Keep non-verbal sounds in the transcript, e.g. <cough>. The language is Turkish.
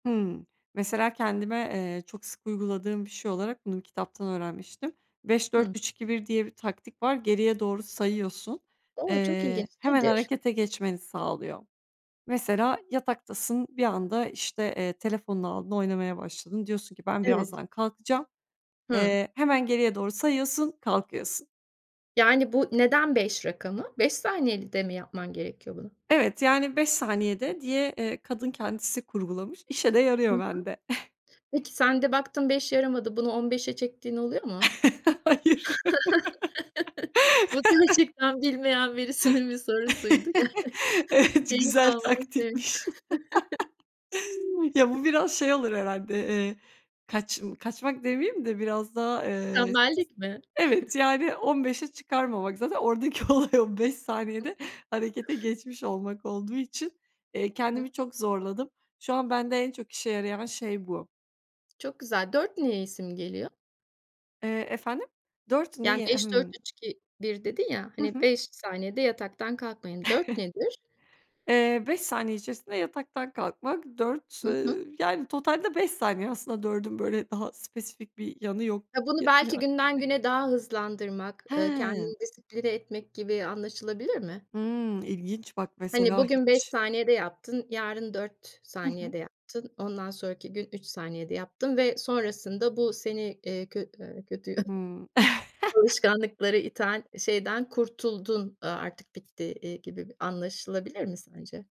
Hımm, mesela kendime, eee, çok sık uyguladığım bir şey olarak bunu bir kitaptan öğrenmiştim. beş dört Hı. üç iki bir diye bir taktik var, geriye doğru sayıyorsun. O, çok Eee, ilginç, hemen nedir? harekete geçmeni sağlıyor. Mesela yataktasın, bir anda işte, eee, telefonunu aldın oynamaya başladın, diyorsun ki: "Ben Evet. birazdan kalkacağım." Hı. Eee, hemen geriye doğru sayıyorsun, kalkıyorsun. Yani bu neden 5 rakamı? 5 saniyede mi yapman gerekiyor bunu? Evet, yani 5 saniyede diye, eee, kadın kendisi kurgulamış. İşe de Hı yarıyor hı. bende. <chuckles> Peki sen de baktın 5 yaramadı. Bunu 15'e çektiğin oluyor mu? <laughs> Hayır. <chuckles> Bu gerçekten bilmeyen birisinin bir sorusuydu. <chuckles> Evet, güzel <chuckles> taktikmiş. <unintelligible> <chuckles> <chuckles> Ya bu biraz şey olur herhâlde, eee, kaçm kaçmak demeyeyim de biraz daha, eee, Tembellik mi? evet <chuckles> yani 15'e çıkarmamak. Zaten oradaki olay, o 5 saniyede harekete geçmiş olmak olduğu için, eee, Hı kendimi hı. çok zorladım. Şu an, bende en çok işe yarayan şey bu. Çok güzel. 4 neyi simgeliyor? Eee, efendim? 4 Yani niye? beş dört Hımm. üç iki bir dedin ya, Hı hani, hı. 5 saniyede yataktan kalkmayın. 4 <chuckles> nedir? Eee, 5 saniye içerisinde yataktan kalkmak. 4 Hı eee, hı. yani totalde 5 beş saniye aslında 4'ün böyle daha spesifik bir yanı yok. Ya bunu belki günden <unintelligible> güne daha hızlandırmak, eee, Hıı. kendini disipline etmek gibi anlaşılabilir mi? Hımm, ilginç, bak Hani mesela bugün 5 hiç saniyede yaptın, yarın 4 Hı hı. saniyede yaptın, ondan sonraki gün 3 saniyede yaptın ve sonrasında bu seni, eee, kö eee, kötü <coughs> Hıı. <chuckles> alışkanlıklara iten şeyden kurtuldun, eee, artık bitti, eee, gibi bir anlaşılabilir mi sence?